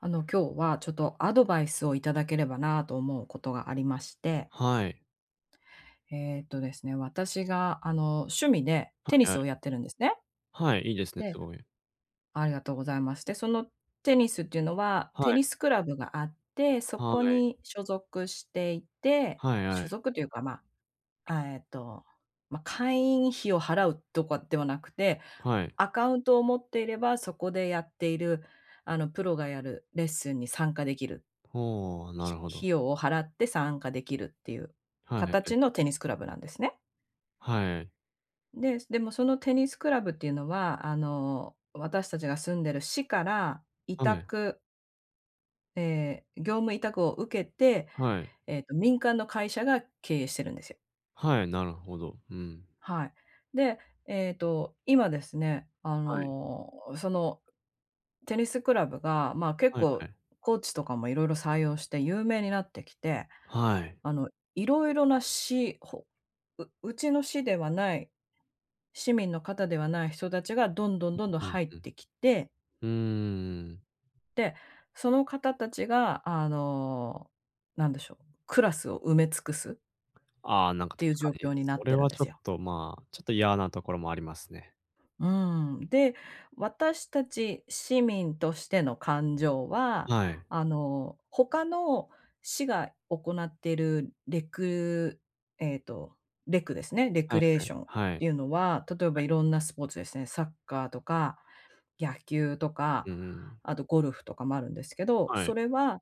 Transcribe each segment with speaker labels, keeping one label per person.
Speaker 1: あの今日は、ちょっとアドバイスをいただければなと思うことがありまして。
Speaker 2: はい。
Speaker 1: えっとですね、私があの、趣味で
Speaker 2: は
Speaker 1: テニ
Speaker 2: いは
Speaker 1: スを
Speaker 2: い。
Speaker 1: やってるんですね。
Speaker 2: はい、いいですね、す
Speaker 1: で
Speaker 2: ごい。
Speaker 1: ありがとうございます。で、そのテニスっていうのは
Speaker 2: は
Speaker 1: テ
Speaker 2: い。
Speaker 1: ニスクラブがあって、そ
Speaker 2: は
Speaker 1: こ
Speaker 2: い。
Speaker 1: に所属していて
Speaker 2: はいは
Speaker 1: 所
Speaker 2: い。
Speaker 1: 属というかま、あ、えっと、ま、会員費を払うとかではなくて、
Speaker 2: はい。
Speaker 1: アカウントを持っていればそこでやっている、あの、プロがやるレッスンに参加できる
Speaker 2: ほう、なる
Speaker 1: ひ
Speaker 2: ほど。
Speaker 1: 費用を払って参加できるっていう
Speaker 2: はい、え。
Speaker 1: 形のテニスクラブなんですね。
Speaker 2: はい。
Speaker 1: で、そでもそのテニスクラブっていうのは、あの、私たちが住んでる市から委
Speaker 2: はい。
Speaker 1: 託え、業務委託を受けて、
Speaker 2: はい。
Speaker 1: えっと民間の会社が経営してるんですよ。
Speaker 2: はい、なるほど、うん。
Speaker 1: はい。で、えっと、今ですね、あ
Speaker 2: はい。
Speaker 1: の、そのテニスクラブが、ま、結
Speaker 2: はいは
Speaker 1: 構
Speaker 2: い。
Speaker 1: コーチとかもいろいろ採用して有名になってきて、
Speaker 2: はい。
Speaker 1: あの、いろいろな市ほううちの市ではない市民の方ではない人たちがどんどん、どんどん
Speaker 2: うんうん
Speaker 1: 入っ
Speaker 2: うん。
Speaker 1: てきて
Speaker 2: うんうんうん。
Speaker 1: で、その方たちがあの、なんでしょう、クラスを埋め尽くす。
Speaker 2: ああ、なんか
Speaker 1: てい
Speaker 2: 確
Speaker 1: う
Speaker 2: か
Speaker 1: 状
Speaker 2: に、
Speaker 1: 況にな
Speaker 2: そ
Speaker 1: っ
Speaker 2: れ
Speaker 1: てるん
Speaker 2: は
Speaker 1: で
Speaker 2: ちょ
Speaker 1: す
Speaker 2: っ
Speaker 1: よ。
Speaker 2: とまあ、ちょっと嫌なところもありますね。
Speaker 1: うーん。で、私たち市民としての感情は、
Speaker 2: はい。
Speaker 1: あの、他の市が行っているレクえっと、レクですねレク
Speaker 2: はい
Speaker 1: レー
Speaker 2: はい、
Speaker 1: ションっ
Speaker 2: はい。
Speaker 1: ていうのは、例えば
Speaker 2: は
Speaker 1: い
Speaker 2: い。
Speaker 1: ろんなスポーツですね、サッカーとか、野球とか、
Speaker 2: うんうん。
Speaker 1: あとゴルフとかもあるんですけど、
Speaker 2: は
Speaker 1: そ
Speaker 2: い。
Speaker 1: れは、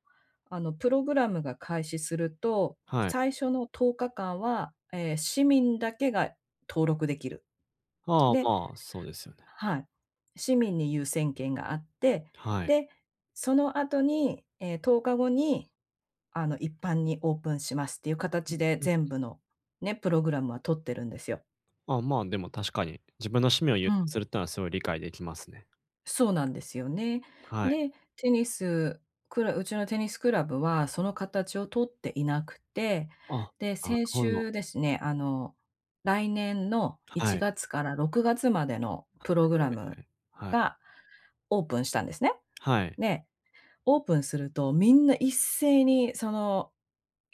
Speaker 1: あのプログラムが開始すると、
Speaker 2: はい。
Speaker 1: 最初の10日間は、え、市民だけが登録できる。
Speaker 2: ああ、
Speaker 1: で
Speaker 2: まあ、そうですよね。
Speaker 1: はい。市民に優先権があって、
Speaker 2: はい。
Speaker 1: で、その後に、え、10日後に、あの一般にオープンしますっていう
Speaker 2: う
Speaker 1: 形
Speaker 2: ん、
Speaker 1: で、
Speaker 2: うん。
Speaker 1: 全部の、ね、プログラムは取ってるんですよ。
Speaker 2: あ、まあ、でも確かに、自分の趣味を優
Speaker 1: う
Speaker 2: 先
Speaker 1: ん。
Speaker 2: するってのはすごい理解できますね。
Speaker 1: そうなんですよね。
Speaker 2: はい。
Speaker 1: で、テニス、クラうちのテニスクラブは、その形を取っていなくて、
Speaker 2: あ、
Speaker 1: で、
Speaker 2: なる
Speaker 1: 先
Speaker 2: ほど。
Speaker 1: 週ですね、あの、来年のい
Speaker 2: は
Speaker 1: ち
Speaker 2: い。
Speaker 1: がつから6月までのプ
Speaker 2: [unintelligible]
Speaker 1: ログラム
Speaker 2: はい。
Speaker 1: がオープンしたんですね。
Speaker 2: はい。
Speaker 1: で、オープンすると、みんな一斉にその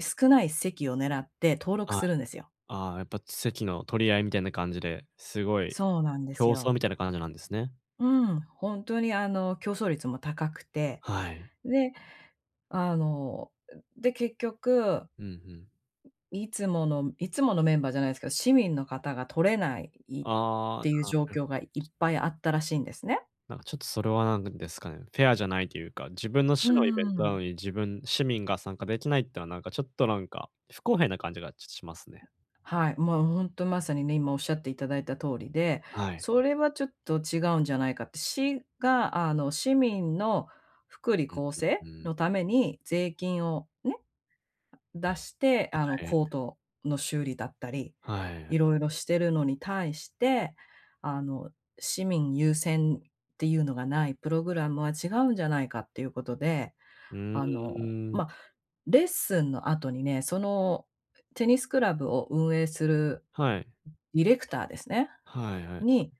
Speaker 1: 少ない席を狙って登録
Speaker 2: はい。
Speaker 1: するんですよ。
Speaker 2: ああ、やっぱ席の取り合いみたいな感じで、すごい
Speaker 1: そうなんです
Speaker 2: 競争
Speaker 1: よ。
Speaker 2: みたいな感じなんですね。
Speaker 1: うん、ほんとにあの競争率も高くて、
Speaker 2: はい。
Speaker 1: で、あの、で結局
Speaker 2: うん、ふん。
Speaker 1: いつものいつものメンバーじゃないですけど、市民の方が取れないっ
Speaker 2: あ
Speaker 1: ていう
Speaker 2: あ、
Speaker 1: 状
Speaker 2: なる
Speaker 1: 況がいっぱいあったらしいんですね。
Speaker 2: なんか、ちょっと、それは何ですかね。フェアじゃないというか自分の
Speaker 1: うー
Speaker 2: 市のイベントなの
Speaker 1: ん。
Speaker 2: に、自分市民が参加できないってのはなんか、ちょっと、なんか不公平な感じがしますね。
Speaker 1: はい、もうほんとまさにね、今おっしゃっていただいた通りで、
Speaker 2: はい。
Speaker 1: それはちょっと違うんじゃないかって、市が、あの、市民の福利
Speaker 2: うん
Speaker 1: 厚生
Speaker 2: うん。うーん。
Speaker 1: のために税金を、ね、出して、あの
Speaker 2: はい。
Speaker 1: コートの修理だったり、
Speaker 2: はい。
Speaker 1: 色々してるのに対して、あの、市民優先っていうのがないプログラムは違うんじゃないかっていうことで、
Speaker 2: う
Speaker 1: あの、
Speaker 2: ーん。
Speaker 1: ま、レッスンの後にね、そのテニスクラブを運営する
Speaker 2: はい。
Speaker 1: ディレクターですね、
Speaker 2: はいはい。
Speaker 1: に、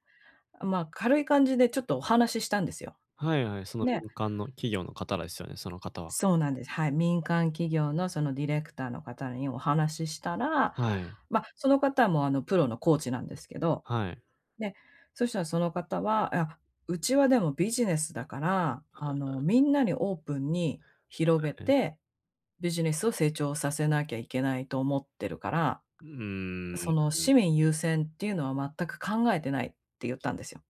Speaker 1: あ、まあ軽い感じでちょっとお話ししたんですよ。
Speaker 2: はいはい、その
Speaker 1: で
Speaker 2: 民間の企業の方ですよね、その方は。
Speaker 1: そうなんです。はい、民間企業のそのディレクターの方にお話ししたら
Speaker 2: はい。
Speaker 1: ま、その方もあのプロのコーチなんですけど、
Speaker 2: はい。
Speaker 1: で、そしたらその方は、「あ、うちはでもビジネスだから、
Speaker 2: あ
Speaker 1: あの、
Speaker 2: あ。
Speaker 1: みんなにオープンに広げ
Speaker 2: はい。
Speaker 1: て、ビジネスを成長させなきゃいけないと思ってるから、
Speaker 2: う
Speaker 1: そ
Speaker 2: ー
Speaker 1: の
Speaker 2: ん。
Speaker 1: 市民優先っていうのは全く考えてない」って言ったんですよ。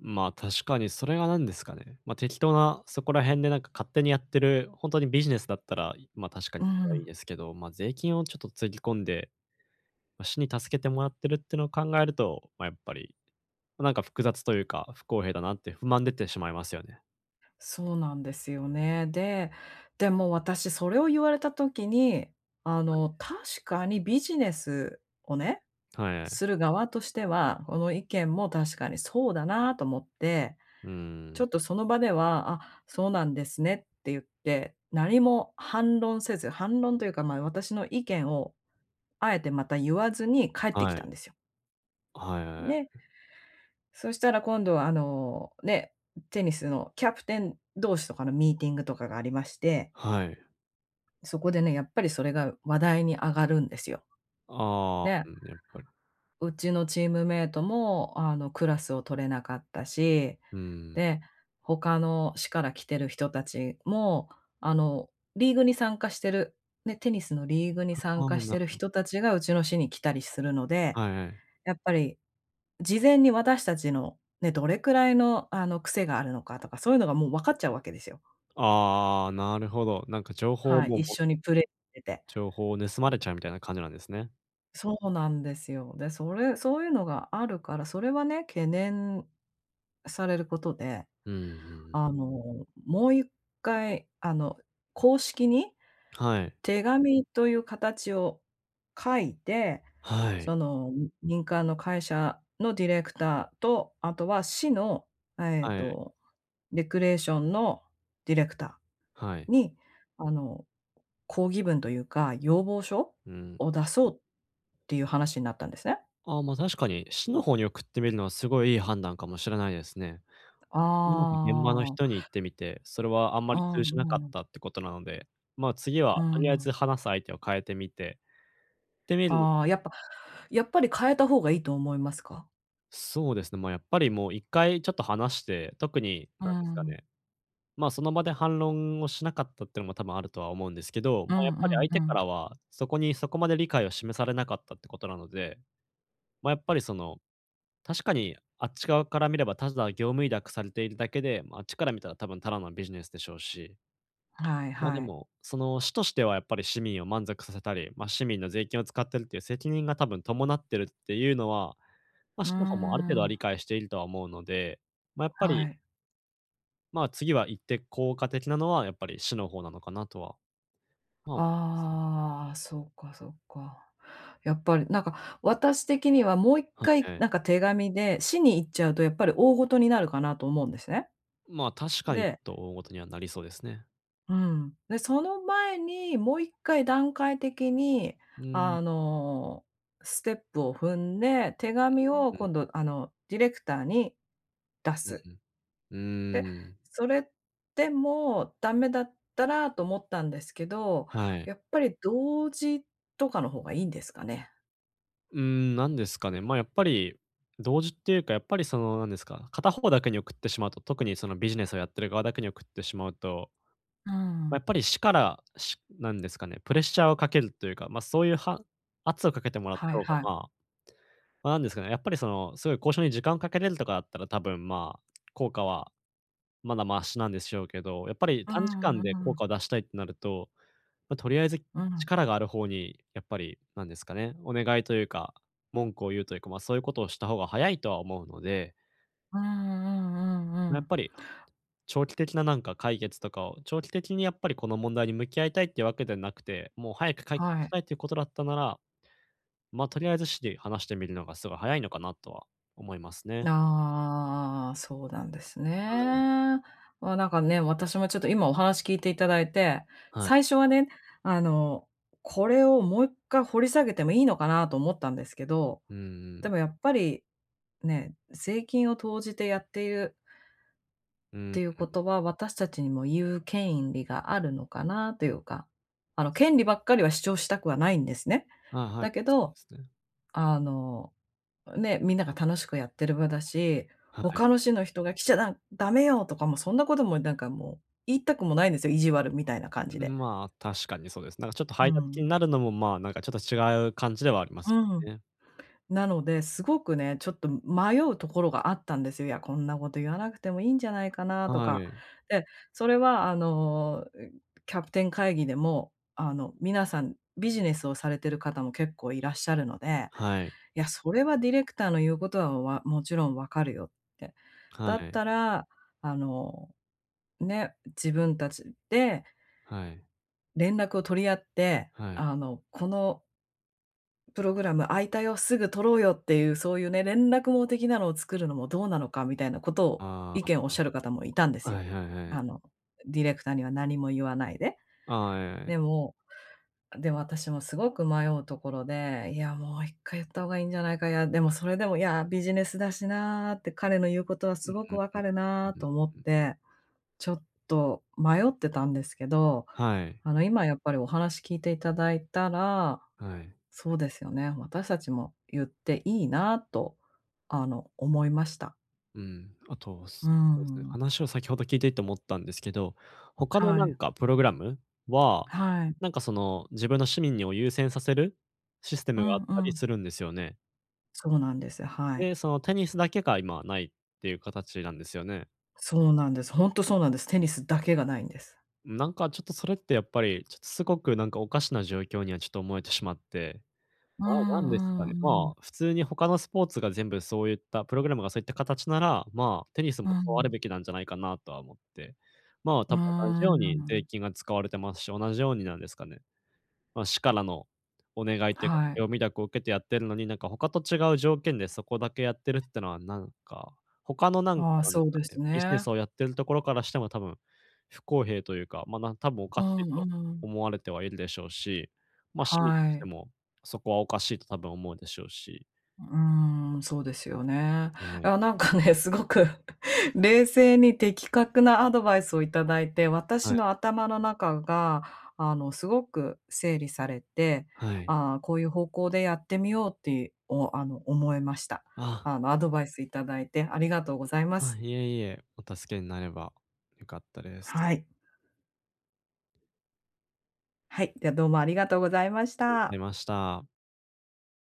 Speaker 2: まあ、確かにそれは何ですかね。ま、適当なそこら辺でなんか勝手にやってる、ほんとにビジネスだったら、いま、確か
Speaker 1: う
Speaker 2: に、はいい
Speaker 1: ん。
Speaker 2: ですけど、まあ税金をちょっとつぎ込んで、ま、市に助けてもらってるってのを考えると、ま、やっぱり、ま、なんか複雑というか、不公平だなって不満出てしまいますよね。
Speaker 1: そうなんですよね。で、でも私それを言われた時に、あの、確かにビジネスをね、
Speaker 2: はい、あい。
Speaker 1: する側としては、この意見も確かにそうだなと思って、
Speaker 2: う
Speaker 1: ちょ
Speaker 2: ー
Speaker 1: っ
Speaker 2: ん。
Speaker 1: とその場では、あ、そうなんですねって言って、何も反論せず、反論というか、まあ私の意見を、あえてまた言わずに帰ってき
Speaker 2: はい。
Speaker 1: たんですよ。
Speaker 2: はいはい、あ
Speaker 1: ね
Speaker 2: い。
Speaker 1: そしたら今度はあの、ね、テニスのキャプテン同士とかのミーティングとかがありまして
Speaker 2: はい。
Speaker 1: そこでね、やっぱりそれが話題に上がるんですよ。
Speaker 2: ああ、
Speaker 1: で
Speaker 2: うん、やっぱり。
Speaker 1: うちのチームメイトも、あの、クラスを取れなかったし、
Speaker 2: うーん。
Speaker 1: で、他の市から来てる人たちも、あの、リーグに参加してる、ね、テニスのリーグに
Speaker 2: は、
Speaker 1: 参
Speaker 2: ああ、
Speaker 1: 加し
Speaker 2: な
Speaker 1: て
Speaker 2: る
Speaker 1: る
Speaker 2: ほ。
Speaker 1: 人たちがうちの市に来たりするので、
Speaker 2: はいはい。
Speaker 1: やっぱり、事前に私たちの、ね、どれくらいの、あの、癖があるのかとか、そういうのがもうわかっちゃうわけですよ。
Speaker 2: ああ、なるほど。なんか情報
Speaker 1: はい、
Speaker 2: も、
Speaker 1: 一
Speaker 2: も
Speaker 1: 緒
Speaker 2: ん
Speaker 1: にプレーしてて。
Speaker 2: 情報を盗まれちゃうみたいな感じなんですね。
Speaker 1: そうなんですよ。で、それそういうのがあるから、それはね、懸念されることで、
Speaker 2: うんうんうん。
Speaker 1: あの、もう1回、あの公式に、
Speaker 2: はい。
Speaker 1: 手紙という形を書いて、
Speaker 2: はい。
Speaker 1: その、み民間の会社のディレクターと、あとは市の、えっ
Speaker 2: はい。
Speaker 1: とレクレーションのディレクタ
Speaker 2: はい。
Speaker 1: ーに、あの抗議文というか、要望書
Speaker 2: うん。
Speaker 1: を出そうっていう話になったんですね。
Speaker 2: ああ、ま、確かに市の方に送ってみるのはすごいいい判断かもしれないですね。うまく現場の
Speaker 1: ああ。
Speaker 2: 人に言ってみて、それはあんま
Speaker 1: う
Speaker 2: り
Speaker 1: ん
Speaker 2: 通じなかっ
Speaker 1: うん。
Speaker 2: たってことなので、ま、次
Speaker 1: う
Speaker 2: はとりあえ
Speaker 1: ん。
Speaker 2: ず話す相手を変えてみててみる
Speaker 1: ああ、やっぱやっぱり変えた方がいいと思いますか？
Speaker 2: そうですね、ま、やっぱりもう1回ちょっと話して、特に
Speaker 1: うー
Speaker 2: なんですか
Speaker 1: ん。
Speaker 2: ね、ま、その場で反論をしなかったっていうのも多分あるとは思うんですけど、
Speaker 1: う
Speaker 2: ま、や
Speaker 1: ん
Speaker 2: っ
Speaker 1: う
Speaker 2: ぱり
Speaker 1: ん
Speaker 2: 相
Speaker 1: う
Speaker 2: 手か
Speaker 1: ん。
Speaker 2: らは、そこに、そこまで理解を示されなかったってことなので、ま、やっぱりその、確かにあっち側から見ればただ業務委託されているだけで、ま、あっちから見たら多分ただのビジネスでしょうし
Speaker 1: はい
Speaker 2: ま、で
Speaker 1: はい。
Speaker 2: も、その、市としてはやっぱり市民を満足させたり、ま、市民の税金を使ってるっていう責任が多分伴ってるっていうのは、ま、
Speaker 1: うー
Speaker 2: 市の方もある程度は理
Speaker 1: ん。
Speaker 2: 解しているとは思うので、ま、やっぱ
Speaker 1: は
Speaker 2: り
Speaker 1: い。
Speaker 2: ま、次は行って効果的なのはやっぱり市の方なのかなとは。まあ
Speaker 1: ああ、そっかそっか。やっぱり、なんか私的にはもういっ
Speaker 2: は
Speaker 1: かい
Speaker 2: い。
Speaker 1: なんか手紙で市に言っちゃうとやっぱり大事になるかなと思うんですね。
Speaker 2: ま、確かに
Speaker 1: で
Speaker 2: と大事にはなりそうですね。
Speaker 1: うん。で、その前にもう1回段階的に、
Speaker 2: うーん。
Speaker 1: あの、ステップを踏んで、手紙を
Speaker 2: うーん。
Speaker 1: 今度あのディレクターに出
Speaker 2: う
Speaker 1: す。
Speaker 2: ん、う
Speaker 1: で、
Speaker 2: ーん。
Speaker 1: それでもダメだったらと思ったんですけど、
Speaker 2: はい。
Speaker 1: やっぱり同時とかの方がいいんですかね？
Speaker 2: うーん。なんですかね、ま、やっぱり同時っていうかやっぱりその、なんですか、片方だけに送ってしまうと特にそのビジネスをやってる側だけに送ってしまうと
Speaker 1: うー
Speaker 2: ま、や
Speaker 1: ん。
Speaker 2: っぱり市からしなんですかね、プレッシャーを掛けるというか、ま、そういうは圧をかけてもらっ
Speaker 1: は
Speaker 2: た
Speaker 1: い
Speaker 2: 方が、
Speaker 1: は
Speaker 2: ま
Speaker 1: い。
Speaker 2: あ、ま、なんですかね、やっぱりその、そういう交渉に時間を掛けれるとかだったら、多分、ま、効果はまだマシなんでしょうけど、やっぱり
Speaker 1: う
Speaker 2: 短時
Speaker 1: ん
Speaker 2: 間
Speaker 1: う
Speaker 2: で効
Speaker 1: ん。
Speaker 2: 果を出したいってなると、ま、とりあえず
Speaker 1: うん。
Speaker 2: 力がある方にやっぱりなんですかね、お願いというか文句を言うというか、ま、そういうことをした方が早いとは思うので。
Speaker 1: うんうんうんう
Speaker 2: やっ
Speaker 1: ん。
Speaker 2: ぱり、長期的ななんか解決とかを、長期的にやっぱりこの問題に向き合いたいっていうわけでなくて、もう早く解決
Speaker 1: は
Speaker 2: し
Speaker 1: い。
Speaker 2: たいということだったなら、ま、とりあえず市で話してみるのがすごい早いのかなとは思いますね。
Speaker 1: ああああああああ、そうなんです
Speaker 2: はい。
Speaker 1: ね。ま、なんかね、私もちょっと今お話聞いていただいて、
Speaker 2: はい。
Speaker 1: 最初はね、あの、これをもう1回掘り下げてもいいのかなと思ったんですけど、
Speaker 2: うんう
Speaker 1: で
Speaker 2: ん。
Speaker 1: もやっぱり、ね、税金を投じてやっている
Speaker 2: う
Speaker 1: っ
Speaker 2: ー
Speaker 1: ていうこ
Speaker 2: ん。
Speaker 1: とは、私たちにも言う権い利があるのかなというか。あの権利ばっかりは主張したくはないんですね。
Speaker 2: はいはい。
Speaker 1: だけ
Speaker 2: そう
Speaker 1: ど、
Speaker 2: ですね。
Speaker 1: あの、ね、みんなが楽しくやってる場だし、
Speaker 2: はい。
Speaker 1: 他の市の人が来ちゃらダメよ、とかもそんなこともなんかもう、言いたくもないんですよ、意地悪みたいな感じ
Speaker 2: う
Speaker 1: で。
Speaker 2: ん、まあ、確かにそうですね。なんかちょっと
Speaker 1: う
Speaker 2: 排他的
Speaker 1: ん。
Speaker 2: になるのも、ま、なんかちょっと違う感じではあります
Speaker 1: うん。
Speaker 2: よね。
Speaker 1: なので、すごくね、ちょっと迷うところがあったんですよ。いや、こんなこと言わなくてもいいんじゃないかなと
Speaker 2: は
Speaker 1: か。
Speaker 2: い。
Speaker 1: で、それはあの、キャプテン会議でも、あの皆さん、ビジネスをされてる方も結構いらっしゃるので、
Speaker 2: はい。
Speaker 1: いや、それはディレクターの言うことは、わもちろん分かるよって。
Speaker 2: は
Speaker 1: だっ
Speaker 2: い。
Speaker 1: たら、あの、ね、自分たちで
Speaker 2: はい。
Speaker 1: 連絡を取り合って、
Speaker 2: はい。
Speaker 1: あのこのプログラム、開いたよ、すぐ取ろうよっていう、そういうね、連絡網的なのを作るのもどうなのかみたいなことを、
Speaker 2: あ
Speaker 1: 意
Speaker 2: あ、
Speaker 1: 見をおっしゃる方もいたんで
Speaker 2: あ。
Speaker 1: す
Speaker 2: は
Speaker 1: よ。
Speaker 2: いはいはい。
Speaker 1: あの、ディレクターには何も言わないで。
Speaker 2: ああ、ええ。
Speaker 1: でも、でも私もすごく迷うところで、いや、もう1回言った方がいいんじゃないかや、でもそれでも、いや、ビジネスだしなって。彼の言うことは
Speaker 2: う
Speaker 1: す
Speaker 2: ん
Speaker 1: ご
Speaker 2: う
Speaker 1: く
Speaker 2: ん
Speaker 1: 分かる
Speaker 2: うん
Speaker 1: な
Speaker 2: うん
Speaker 1: と思っ
Speaker 2: うん。
Speaker 1: て、ちょっと迷ってたんですけど、
Speaker 2: はい。
Speaker 1: あの今やっぱりお話聞いていただいたら、
Speaker 2: はい。
Speaker 1: そうですよね、私たちも言っていいなと、あの思いました。
Speaker 2: うん、あとそ
Speaker 1: う
Speaker 2: うですね、
Speaker 1: ん。
Speaker 2: 話を先ほど聞いていて思ったんですけど、他の
Speaker 1: は
Speaker 2: なん
Speaker 1: い。
Speaker 2: かプログラムは、
Speaker 1: はい。
Speaker 2: なんかその、自分の市民にを優先させるシステ
Speaker 1: う
Speaker 2: ムがあっ
Speaker 1: んう
Speaker 2: たり
Speaker 1: ん。
Speaker 2: するんですよね。
Speaker 1: そうなんです。はい。
Speaker 2: で、その、テニスだけが今はないっていう形なんですよね。
Speaker 1: そうなんです。ホントそうなんです。テニスだけがないんです。
Speaker 2: うん、なんか、ちょっとそれってやっぱり、ちょっとすごく、なんか、おかしな状況にはちょっと思えてしまって、
Speaker 1: う
Speaker 2: まあ、なんですか
Speaker 1: ん
Speaker 2: ね、
Speaker 1: うんう
Speaker 2: ま
Speaker 1: ん。
Speaker 2: あ、普通に他のスポーツが全部そういったプログラムがそういった形なら、まあ、テニスも
Speaker 1: う
Speaker 2: そうある
Speaker 1: ん。
Speaker 2: べきなんじゃないかなとは思って。まあ、
Speaker 1: う
Speaker 2: 多分同じ
Speaker 1: ー
Speaker 2: ように税
Speaker 1: ん。
Speaker 2: 金が使われてますし、同じようになんですかね。ま、市からのお願いっていうか、
Speaker 1: はい。
Speaker 2: 業務委託を受けてやってるのに、なんか他と違う条件でそこだけやってるっていうのは、なんか、他の、なんか、
Speaker 1: ああ、
Speaker 2: なんで
Speaker 1: そう
Speaker 2: すか
Speaker 1: で
Speaker 2: ね、
Speaker 1: す
Speaker 2: ビジネ
Speaker 1: ね。
Speaker 2: スをやってるところからしても多分、不公平というか、ま、なん多分おか
Speaker 1: う
Speaker 2: しい
Speaker 1: ん
Speaker 2: と
Speaker 1: うん。
Speaker 2: 思われてはいるでしょうし、ま、市民と
Speaker 1: は
Speaker 2: して
Speaker 1: い。
Speaker 2: も、そこはおかしいと多分思うでしょうし。
Speaker 1: うーん、そうですよね。
Speaker 2: は
Speaker 1: い
Speaker 2: い。
Speaker 1: や、なんかね、すごく冷静に的確なアドバイスをいただいて、私
Speaker 2: はい。
Speaker 1: の頭の中が、あの、すごく整理されて、
Speaker 2: はい。
Speaker 1: ああ、こういう方向でやってみようって、おあの、思いました。
Speaker 2: ああ。
Speaker 1: あのアドバイスいただいて、ありがとうございます。
Speaker 2: あ、いえいえ、お助けになれば良かったです。
Speaker 1: はい。はい、ではどうもありがとうございまし
Speaker 2: ありがとうござ
Speaker 1: た。
Speaker 2: いました。